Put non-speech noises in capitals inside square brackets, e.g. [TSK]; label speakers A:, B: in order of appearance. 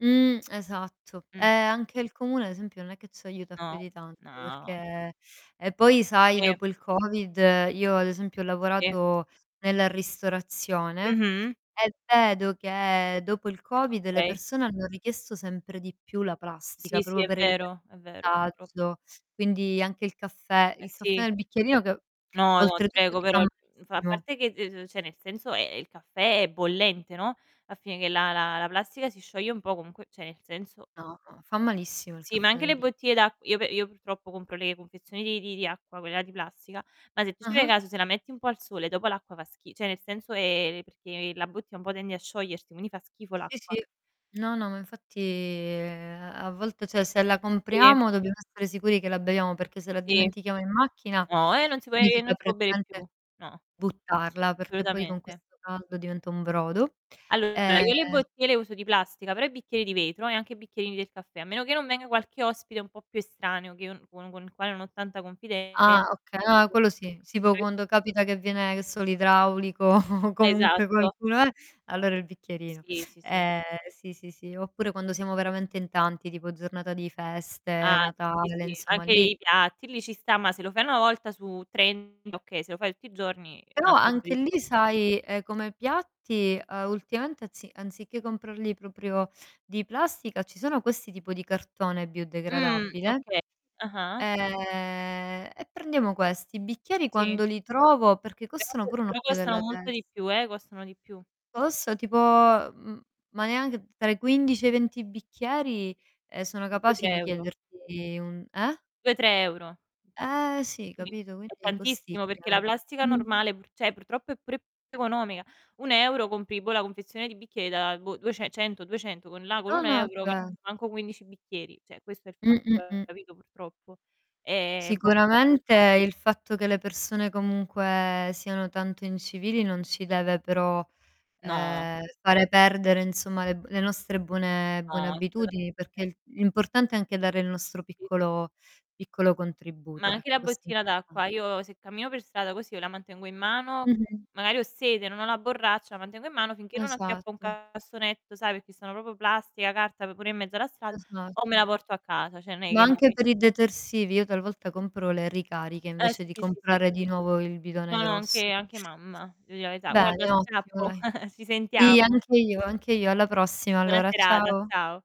A: Mhmm, [TSK] esatto.
B: Mh.
A: Ehm, anche il comune ad esempio non è che ci aiuta più
B: No,
A: di tanto,
B: no.
A: perché e poi, sai,
B: Sì.
A: dopo il Covid io ad esempio ho
B: Sì.
A: lavorato nella ristorazione
B: Mh-mh.
A: e vedo che dopo il Covid le
B: Okay.
A: persone hanno richiesto sempre di più la plastica,
B: Sì, sì,
A: proprio
B: è
A: per evitare
B: vero, è vero, purtrop
A: disagio. Quindi anche il caffè
B: Eh,
A: il caffè
B: sì.
A: nel bicchierino che
B: No, no, ti
A: oltretutto
B: prego,
A: ti fa
B: però, mhmm, f a
A: malissimo.
B: parte che de ce cioè nel senso, e ehm, il caffè è bollente, no, va a finire che la la la plastica si scioglie un po' comunque, cioè nel senso
A: No, no, fa malissimo il
B: Sì, ma
A: caffè
B: anche
A: nel
B: le
A: bicchiere.
B: bottiglie d'acq io pe io purtroppo compro le confezioni di di di acqua, quella di plastica, ma se tu ci fai
A: Ah-ah.
B: caso se la metti un po' al sole dopo l'acqua fa schi cioè nel senso ehm, perché la bottiglia un po' tende a sciogliersi, quindi fa schifo
A: Sì,
B: l'acqua.
A: sì. No, no, ma infatti, ehm, a volte cioè se la
B: Sì.
A: compriamo dobbiamo stare sicuri che la beviamo perché se la
B: Sì.
A: dimentichiamo in macchina,
B: No, eh, non si può ehm
A: significa
B: non si può bere più.
A: praticamente
B: No.
A: buttarla, perché poi con
B: Assolutamente.
A: questo caldo diventa un brodo.
B: Allora,
A: Ehm
B: io le bottiglie le uso di plastica, però i bicchieri di vetro e anche i bicchierini del caffè. A meno che non venga qualche ospite un po' più estraneo che io non con con il quale non ho tanta
A: Ah
B: confidenza
A: oka no
B: capito?
A: quello sì: tipo
B: [UNINTELLIGIBLE]
A: quando capita che viene, che so, l'idraulico [CHUCKLES] o comunque
B: Esatto.
A: qualcuno eh, allora il bicchierino.
B: Sì, sì, sì.
A: Ehm, sì, sì, sì. Oppure quando siamo veramente in tanti, tipo giornata di
B: Ah,
A: feste,
B: sì, sì,
A: Natale,
B: sì.
A: insomma
B: Anche
A: lì
B: i piatti lì ci sta, ma se lo fai una volta su trenta okay, se lo fai tutti i giorni è un
A: Però
B: altro tipo di
A: anche lì
B: discorso.
A: sai, ehm, come piatti, uhm, ultimamente anzi anziché comprarli proprio di plastica ci sono questi tipo di cartone
B: Mh,
A: biodegradabile,
B: okay. Ah-ah.
A: ehm, e prendiamo questi. I bicchieri
B: Sì.
A: quando li trovo perché
B: Però
A: costano pure un
B: purtroppo
A: occhio
B: costano
A: della
B: molto
A: tes
B: di più, eh, costano di più.
A: Costa tipo, mhmm, ma neanche tra i 15 e i 20 bicchieri, ehm, sono
B: due,
A: capaci
B: tre
A: di
B: euro.
A: chiederti un eh?
B: 2-3 €.
A: Ehm, sì,
B: Sì,
A: capito,
B: è
A: quindi
B: tantissimo perché la
A: costicchiano.
B: plastica
A: Mh.
B: normale, pu cioè purtroppo è pure economica. 1€ compri, boh, la confezione di bicchieri da, boh, duece cento, 200 con là con
A: No,
B: un
A: no è
B: euro ca
A: ve
B: manco 15 bicchieri. Cioè questo è il fatto,
A: Mh-mh-mh.
B: capito, purtroppo. È un po'
A: Sicuramente
B: costosa.
A: il fatto che le persone comunque siano tanto incivili non ci deve però,
B: No.
A: ehm, fare perdere insomma le b le nostre buone buone
B: No,
A: abitudini,
B: assolutamente.
A: perché l'importante è anche dare il nostro
B: Sì.
A: piccolo piccolo
B: Ma
A: contributo,
B: anche
A: ecco,
B: la
A: questo è
B: bottina
A: importante.
B: d'acqua, io se cammino per strada così io la mantengo in mano,
A: Mh-mh.
B: magari ho sete, non ho la borraccia, la mantengo in mano finché non acchiappo un
A: Esatto.
B: cassonetto, sai, perché sono proprio plastica, carta, pure in mezzo alla strada, o me la
A: Esatto.
B: porto a casa. Cioè non è
A: Ma
B: che mò
A: anche
B: che
A: per i detersivi io talvolta compro le ricariche
B: Eh,
A: invece
B: sì,
A: di
B: sì, sì, sì.
A: comprare di nuovo il bidone
B: No, no,
A: grosso.
B: anche anche mamma, devo di la verità. Guarda,
A: Bene, ottimo
B: scappo,
A: dai.
B: [CHUCKLES] ci
A: Sì,
B: sentiamo.
A: anche io, anche io. Alla prossima
B: Buona
A: allora,
B: serata,
A: ciao.
B: ciao.